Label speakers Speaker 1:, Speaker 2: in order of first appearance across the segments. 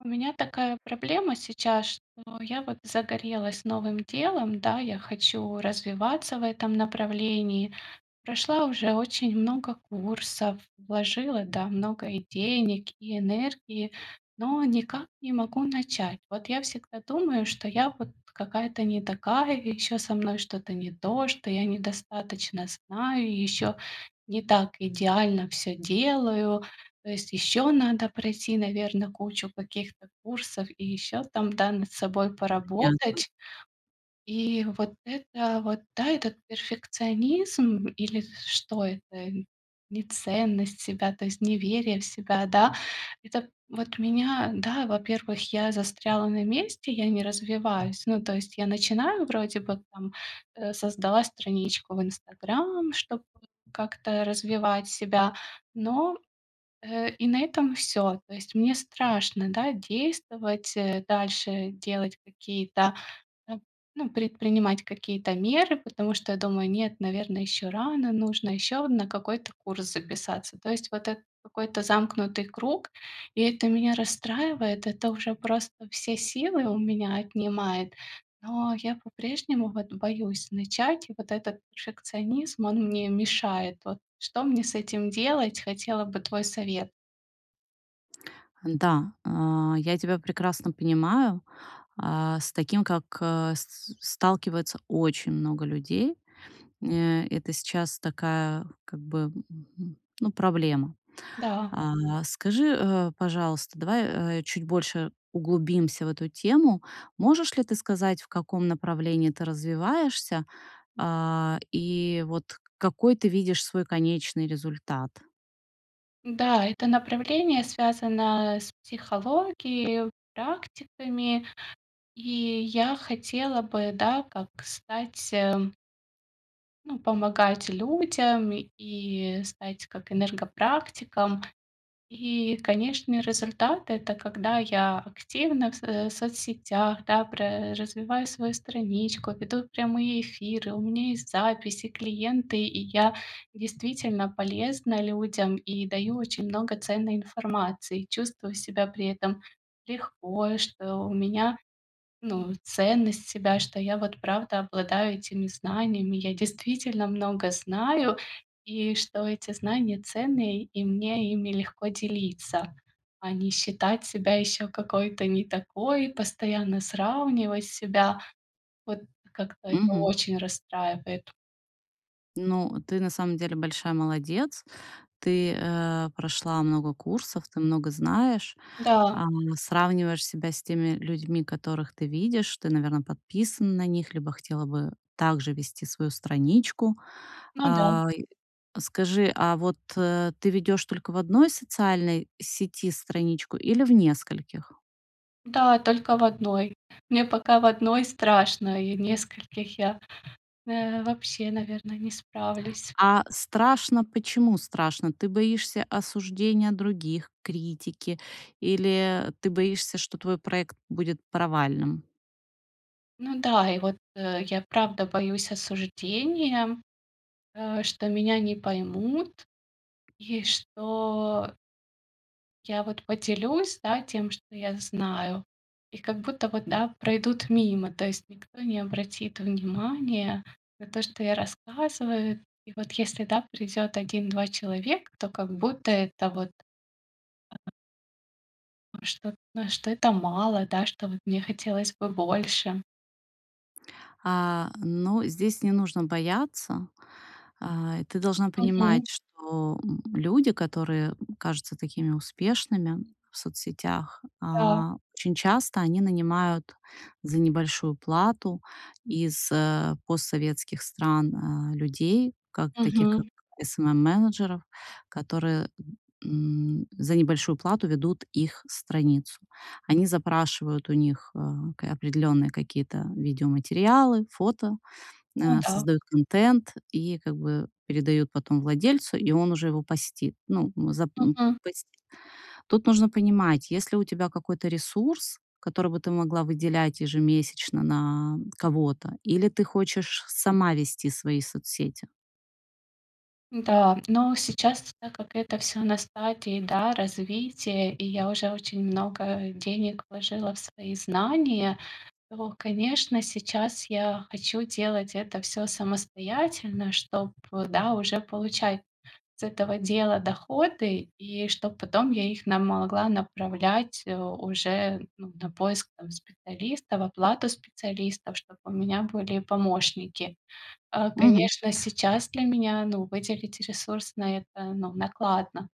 Speaker 1: У меня такая проблема сейчас, что я, вот, загорелась новым делом, да, я хочу развиваться в этом направлении. Прошла уже очень много курсов, вложила, да, много, и денег, и энергии, но никак не могу начать. Вот, я всегда думаю, что я, вот, какая-то не такая, и ещё, со мной что-то не то, что я недостаточно знаю, ещё не так идеально всё делаю. То есть, ещё надо пройти, наверно, кучу каких-то курсов и ещё там, да, над собой
Speaker 2: Понятно.
Speaker 1: поработать. И, вот, это, вот, да, этот перфекционизм, или что это? Неценность себя, то есть, неверие в себя, да? Это, вот, меня, да, во-первых, я застряла на месте, я не развиваюсь. Ну, то есть, я начинаю вроде бы, там, э, создала страничку в Инстаграм, чтобы как-то развивать себя. Но, э, и на этом всё. То есть, мне страшно, да, действовать, э, дальше. Делать какие-то, н ну, предпринимать какие-то меры, потому что, я думаю, нет, наверное, ещё рано, нужно ещё на какой-то курс записаться. То есть, вот, это какой-то замкнутый круг. И это меня расстраивает, это уже просто все силы у меня отнимает. Но я по-прежнему вот боюсь начать. И вот этот перфекционизм, он мне мешает. Вот, что мне с этим делать? Хотела бы твой совет.
Speaker 2: Н-да, а, я тебя прекрасно понимаю. А, с таким как, а, с сталкивается очень много людей. Э это сейчас такая как бы, ну, проблема.
Speaker 1: Да.
Speaker 2: А, скажи, а, пожалуйста, давай, а, чуть больше углубимся в эту тему, можешь ли ты сказать, в каком направлении ты развиваешься, а, и вот какой ты видишь свой конечный результат?
Speaker 1: Да, это направление связано с психологией, практиками. И я хотела бы, да, как стать, э ну, помогать людям и стать как энергопрактиком. И, конечно, результат- это когда я активна в с э, в соцсетях, да, про развиваю свою страничку, ведут прямые эфиры, у меня есть записи, клиенты, и я действительно полезна людям и даю очень много ценной информации и чувствую себя при этом легко, что у меня, ну, ценность себя, что я вот правда обладаю этими знаниями. Я действительно много знаю, и что эти знания ценные, и мне ими легко делиться, а не считать себя ещё какой-то не такой, постоянно сравнивать себя. Вот как-то это
Speaker 2: Мгм.
Speaker 1: очень расстраивает.
Speaker 2: Ну, ты на самом деле большая молодец. Ты, э, прошла много курсов, ты много знаешь,
Speaker 1: Да.
Speaker 2: а, сравниваешь себя с теми людьми, которых ты видишь. Ты, наверно, подписана на них, либо хотела бы также вести свою страничку.
Speaker 1: Ну да.
Speaker 2: А, и скажи, а вот, э, ты ведешь только в 1 социальной сети страничку или в нескольких?
Speaker 1: Да, только в 1. Мне пока в 1 страшно, и в нескольких я, э, вообще, наверно, не справлюсь.
Speaker 2: А страшно почему страшно? Ты боишься осуждения других, критики или ты боишься, что твой проект будет провальным?
Speaker 1: Ну да, и вот, э, я, правда, боюсь осуждения, э, что меня не поймут и что Я вот поделюсь, да, тем, что я знаю. И как будто вот, да, пройдут мимо. То есть никто не обратит внимания на то, что я рассказываю. И вот если, да, придёт 1-2 человека, то как будто это вот Что что это мало, да, что вот мне хотелось бы больше.
Speaker 2: А, но здесь не нужно бояться. А, и ты должна понимать,
Speaker 1: Мгм.
Speaker 2: что, м, люди, которые кажутся такими успешными в соцсетях,
Speaker 1: Да.
Speaker 2: а, очень часто они нанимают за небольшую плату из, э, постсоветских стран, а, людей, как таких
Speaker 1: Мгм.
Speaker 2: как SMM-менеджеров, которые, м, за небольшую плату ведут их страницу. Они запрашивают у них, э, к определённые какие-то видеоматериалы, фото,
Speaker 1: Ну
Speaker 2: э,
Speaker 1: да.
Speaker 2: создают контент и, как бы, передают потом владельцу, и он уже его постит. Ну, зап ну,
Speaker 1: Мгм.
Speaker 2: пость Тут нужно понимать, есть ли у тебя какой-то ресурс, который бы ты могла выделять ежемесячно на кого-то, или ты хочешь сама вести свои соцсети?
Speaker 1: Да, но сейчас, так как это всё на стадии, да, развития, и я уже очень много денег вложила в свои знания, то, конечно, сейчас я хочу делать это всё самостоятельно, чтоб, да, уже получать с этого дела доходы, и чтоб потом я их на, могла направлять, э, уже, ну, на поиск, там, специалистов, оплату специалистов, чтоб у меня были помощники. А,
Speaker 2: Мгм.
Speaker 1: конечно, сейчас для меня, ну, выделить ресурс на это, ну, накладно.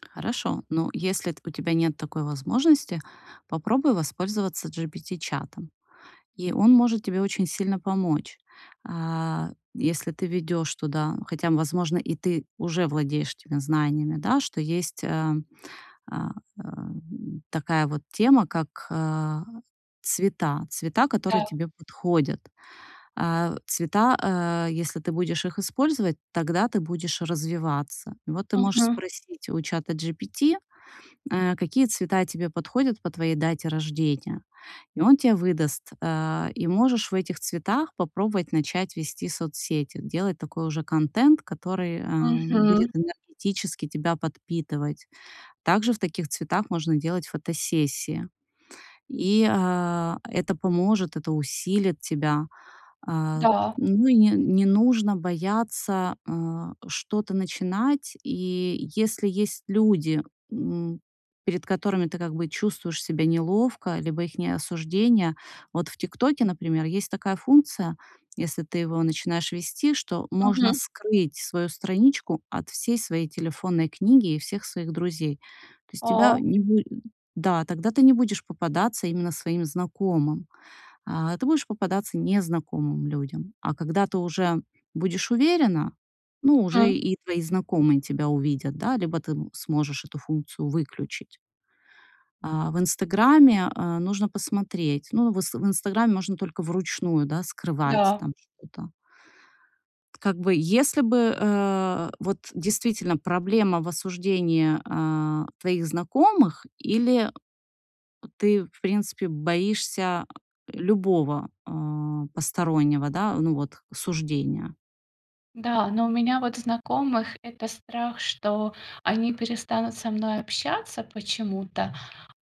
Speaker 2: Хорошо, но если т у тебя нет такой возможности, попробуй воспользоваться GPT-чатом, и он может тебе очень сильно помочь. А, если ты введёшь туда хотя, возможно, и ты уже владеешь теми знаниями, да, что есть э, э, м, такая вот тема, как а цвета, цвета, которые
Speaker 1: Да.
Speaker 2: тебе подходят. А, цвета, э, если ты будешь их использовать, тогда ты будешь развиваться. Вот ты можешь
Speaker 1: Мгм.
Speaker 2: спросить у чатаGPT, э, какие цвета тебе подходят по твоей дате рождения, и он тебе выдаст, э. И можешь в этих цветах попробовать начать вести соцсети, делать такой уже контент, который, э,
Speaker 1: Мгм.
Speaker 2: будет энергетически тебя подпитывать. Также в таких цветах можно делать фотосессии. И, э, это поможет, это усилит тебя. Э,
Speaker 1: Да.
Speaker 2: ну и не ну и не нужно бояться, э, что-то начинать. И если есть люди, м, перед которыми ты как бы чувствуешь себя неловко, либо их не осуждение. Вот в "ТикТоке", например, есть такая функция, если ты его начинаешь вести, что можно
Speaker 1: Мгм.
Speaker 2: скрыть свою страничку от всей своей телефонной книги и всех своих друзей. То есть тебя
Speaker 1: О.
Speaker 2: не буде да, тогда ты не будешь попадаться именно своим знакомым, а, ты будешь попадаться незнакомым людям, а когда ты уже будешь уверена, ну, уже
Speaker 1: Мгм.
Speaker 2: и твои знакомые тебя увидят, да, либо ты сможешь эту функцию выключить. А в "Инстаграме", э, нужно посмотреться, ну, в инста, в "Инстаграм" можно только вручную, да, скрывать
Speaker 1: Да.
Speaker 2: там что-то. Как бы если бы, э, вот действительно проблема в осуждении, э, твоих знакомых или ты, в принципе, боишься любого, э, постороннего, да, ну, вот, осуждения?
Speaker 1: Да, но у меня, вот, знакомых это страх, что они перестанут со мной общаться почему-то,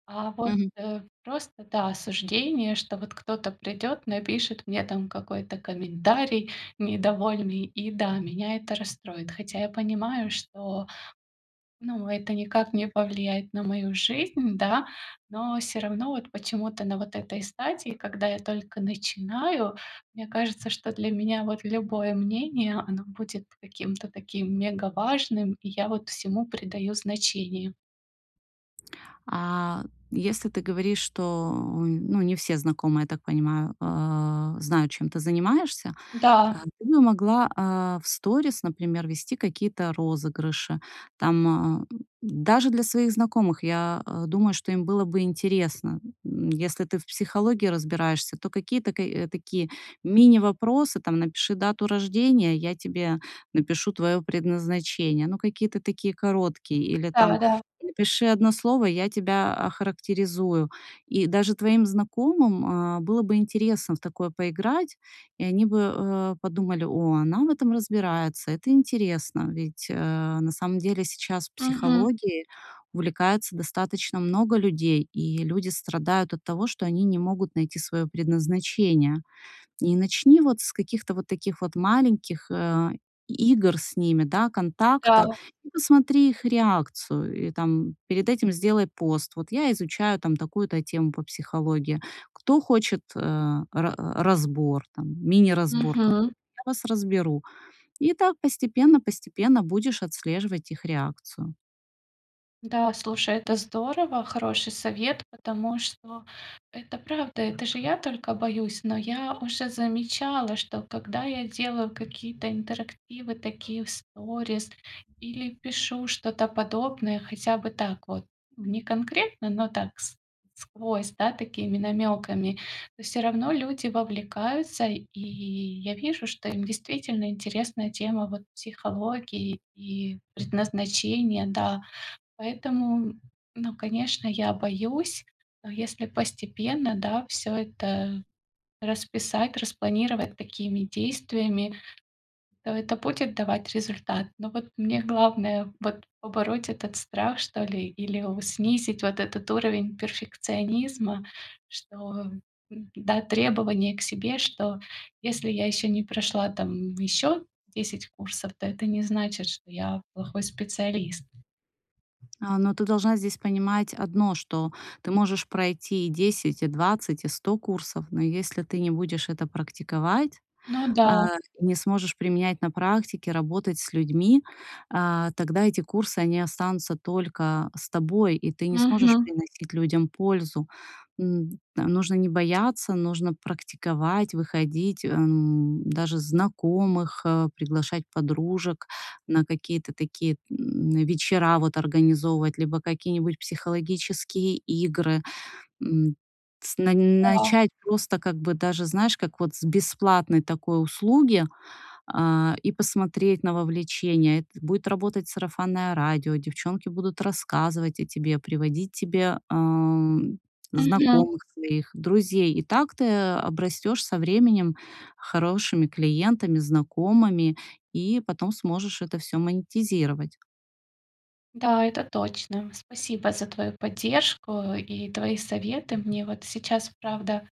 Speaker 1: а вот,
Speaker 2: Мгм.
Speaker 1: э, просто, да, осуждение, что вот кто-то придёт, напишет мне там какой-то комментарий недовольный, и, да, меня это расстроит. Хотя я понимаю, что, ну, это никак не повлияет на мою жизнь, да, но всё равно вот почему-то на вот этой стадии, когда я только начинаю, мне кажется, что для меня, вот, любое мнение, оно будет каким-то таким мегаважным, и я, вот, всему придаю значение.
Speaker 2: А если ты говоришь, что, ну, не все знакомые, я так понимаю, э, знают, чем ты занимаешься, э,
Speaker 1: Да.
Speaker 2: ты бы могла, э, в сторис, например, вести какие-то розыгрыши, там, э, даже для своих знакомых. Я, э, думаю, что им было бы интересно, м, если ты в психологии разбираешься, то какие-то ка, такие мини-вопросы, там: "Напиши дату рождения, я тебе напишу твоё предназначение". Ну, какие-то такие короткие. Или там:
Speaker 1: Да-да-да.
Speaker 2: "Напиши 1 слово, я тебя охарактеризую". И даже твоим знакомым, э, было бы интересно в такое поиграть, и они бы, э, подумали: "О, она в этом разбирается, это интересно", ведь, э, на самом деле сейчас
Speaker 1: Мгм.
Speaker 2: психологией увлекается достаточно много людей, и люди страдают от того, что они не могут найти своё предназначение. И начни вот с каких-то вот таких вот маленьких, э, и игр с ними, да, контакта,
Speaker 1: Да.
Speaker 2: и посмотри их реакцию, и, там, перед этим сделай пост: "Вот я изучаю, там, такую-то тему по психологии. Кто хочет, э, ра разбор, там, мини-разбор
Speaker 1: Мгм.
Speaker 2: какой-то, я вас разберу". И так постепенно-постепенно будешь отслеживать их реакцию.
Speaker 1: Да, слушай, это здорово, хороший совет, потому что это правда, это же я только боюсь. Но я уже замечала, что когда я делаю какие-то интерактивы такие в сторис или пишу что-то подобное хотя бы так вот, не конкретно, но так с сквозь, да, такими намёками. То всё равно люди вовлекаются и я вижу, что им действительно интересна тема, вот, психологии и предназначения, да. Поэтому, ну, конечно, я боюсь, но если постепенно, да, всё это расписать, распланировать такими действиями, то это будет давать результат. Но вот мне главное вот побороть этот страх, что ли, или о снизить вот этот уровень перфекционизма, что, м-да, требования к себе, что если я ещё не прошла, там, ещё 10 курсов, то это не значит, что я плохой специалист.
Speaker 2: А, но ты должна здесь понимать одно, что ты можешь пройти и 10, и 20, и 100 курсов, но если ты не будешь это практиковать,
Speaker 1: Ну
Speaker 2: э,
Speaker 1: да.
Speaker 2: не сможешь применять на практике, работать с людьми, э, тогда эти курсы, они останутся только с тобой, и ты не сможешь
Speaker 1: Мгм.
Speaker 2: приносить людям пользу. М, т нужно не бояться, нужно практиковать, выходить, эм, даже знакомых, э, приглашать подружек на какие-то такие, м, вечера, вот, организовывать, либо какие-нибудь психологические игры. М, с на
Speaker 1: Да.
Speaker 2: начать просто как бы даже, знаешь, как вот с бесплатной такой услуги, э, и посмотреть на вовлечение. Это будет работать сарафанное радио, девчонки будут рассказывать о тебе, приводить тебе, ам,
Speaker 1: Мгм.
Speaker 2: знакомых своих друзей, и так ты обрастешь со временем хорошими клиентами, знакомыми, и потом сможешь это всё монетизировать.
Speaker 1: Да, это точно. Спасибо за твою поддержку и твои советы. Мне вот сейчас, правда,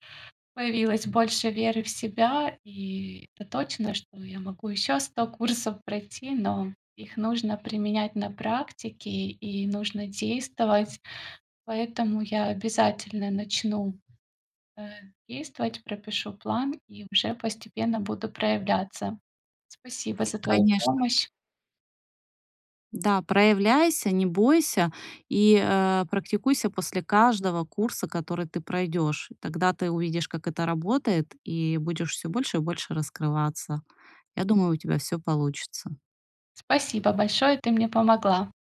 Speaker 1: появилось больше веры в себя. И это точно, что я могу ещё 100 курсов пройти, но их нужно применять на практике и нужно действовать. Поэтому я обязательно начну, э, действовать, пропишу план и уже постепенно буду проявляться. Спасибо за твою
Speaker 2: Конечно.
Speaker 1: помощь.
Speaker 2: Да, проявляйся, не бойся и, э, практикуйся после каждого курса, который ты пройдёшь. Тогда ты увидишь, как это работает, и будешь всё больше и больше раскрываться. Я думаю, у тебя всё получится.
Speaker 1: Спасибо большое. Ты мне помогла.